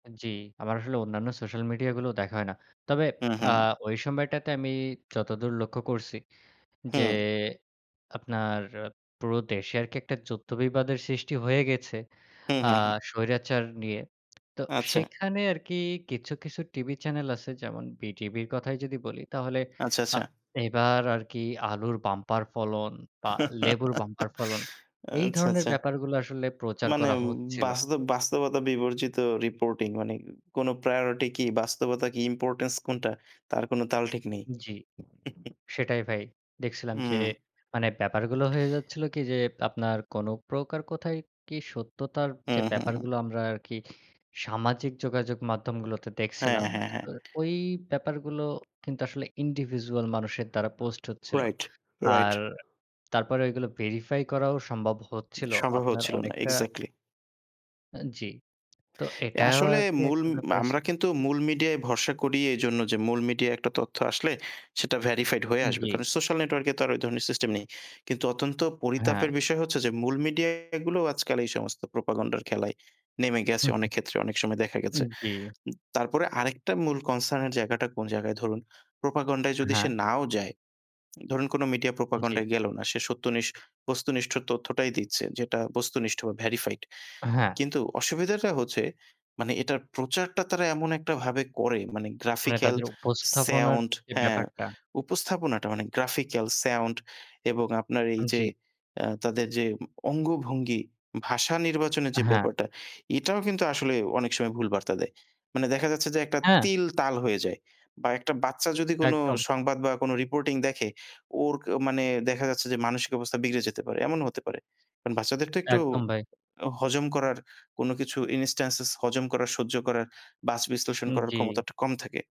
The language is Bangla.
জি। আমার আসলে অন্যান্য সোশ্যাল মিডিয়াগুলো দেখা হয় না। তবে হু, আ হু। ওই সময়টাতে আমি যতদূর লক্ষ্য করছি যে হুম। আপনার পুরো দেশে আরকি একটা যুদ্ধ-বিবাদের সৃষ্টি হয়ে গেছে হু, আ হু, হু। স্বৈরাচার নিয়ে। তো আচ্ছা। সেখানে আরকি কিছু, কিছু টিভি চ্যানেল আছে যেমন বিটিভির কথাই যদি বলি তাহলে আচ্ছা, আ আচ্ছা। এবার আরকি আলুর বাম্পার ফলন বা লেবুর বাম্পার ফলন এই আচ্ছা, ধরনের আচ্ছা। ব্যাপারগুলো আসলে প্রচার মানে করা হচ্ছিল। বাস্তব বাস্তবতা বিবর্জিত রিপোর্টিং মানে কোন প্রায়োরিটি কি, বাস্তবতা কি, ইম্পোর্টেন্স কোনটা, তার কোন তাল ঠিক নেই।। জি। সেটাই ভাই। দেখছিলাম যে হুম। মানে ব্যাপারগুলো হয়ে যাচ্ছিল কি যে, আপনার কোন প্রকার কথায় কি সত্যতার হু, যে হু, হু। ব্যাপারগুলো আমরা আরকি সামাজিক যোগাযোগ মাধ্যমগুলোতে দেখছিলাম। হ্যাঁ, হ্যাঁ, হ্যাঁ। ওই ব্যাপারগুলো কিন্তু আসলে ইন্ডিভিজুয়াল মানুষের দ্বারা পোস্ট হচ্ছিল। Right, right. আর তারপরে ঐগুলো ভেরিফাই করাও সম্ভব হচ্ছিল। সম্ভব আপনার হচ্ছিল না। অনেকটা এক্সাক্টলি। জি। তো এটাও আসলে আর কি মূল একটা ব্যাপার আছে। আমরা কিন্তু মূল মিডিয়ায় ভরসা করি এজন্য যে মূল মিডিয়ায় একটা তথ্য আসলে সেটা ভেরিফাইড হয়ে আসবে। জি। কারণ, সোশ্যাল নেটওয়র্কে তো আর ওই ধরনের সিস্টেম নেই। কিন্তু অত্যন্ত পরিতাপের হ্যাঁ। বিষয় হচ্ছে যে মূল মিডিয়াগুলো আজকাল এই সমস্ত প্রোপাগান্ডার খেলায় নেমে গেছে অনেক ক্ষেত্রে, অনেক সময় দেখা গেছে। জি। তারপরে আরেকটা মূল কনসার্ন এর জায়গাটা কোন জায়গায়, ধরুন প্রোপাগান্ডায় যদি সে হ্যাঁ। নাও যায়, ধরুন কোন মিডিয়া জি। প্রোপাগান্ডায় গেল না। সে সত্যনিষ্ঠ, বস্তুনিষ্ঠ তথ্যটাই দিচ্ছে; যেটা বস্তুনিষ্ঠ, ভেরিফাইড। হ্যাঁ। কিন্তু অসুবিধাটা হচ্ছে মানে এটার প্রচারটা তারা এমন একটাভাবে করে মানে মানে গ্রাফিক্যাল, তাদের উপস্থাপনার সাউন্ড, যে হ্যাঁ, ব্যাপারটা। উপস্থাপনাটা; মানে গ্রাফিক্যাল, সাউন্ড এবং আপনার এই যে জি। আ তাদের যে অঙ্গভঙ্গি, ভাষা নির্বাচনের যে হ্যাঁ। ব্যাপারটা এটাও কিন্তু আসলে অনেক সময় ভুল বার্তা দেয়। মানে দেখা যাচ্ছে যে একটা হ্যাঁ। তিল, তাল হয়ে যায়। বা একটা বাচ্চা যদি কোন একদম। সংবাদ বা কোন রিপোর্টিং দেখে ওর মানে দেখা যাচ্ছে যে মানসিক অবস্থা বিগড়ে যেতে পারে। এমনও হতে পারে। কারণ বাচ্চাদের তো একটু একদম ভাই। হজম করার কোন কিছু ইনস্ট্যান্সেস হজম করার, সহ্য করার, বাছ বিশ্লেষণ করার জি। ক্ষমতাটা কম থাকে।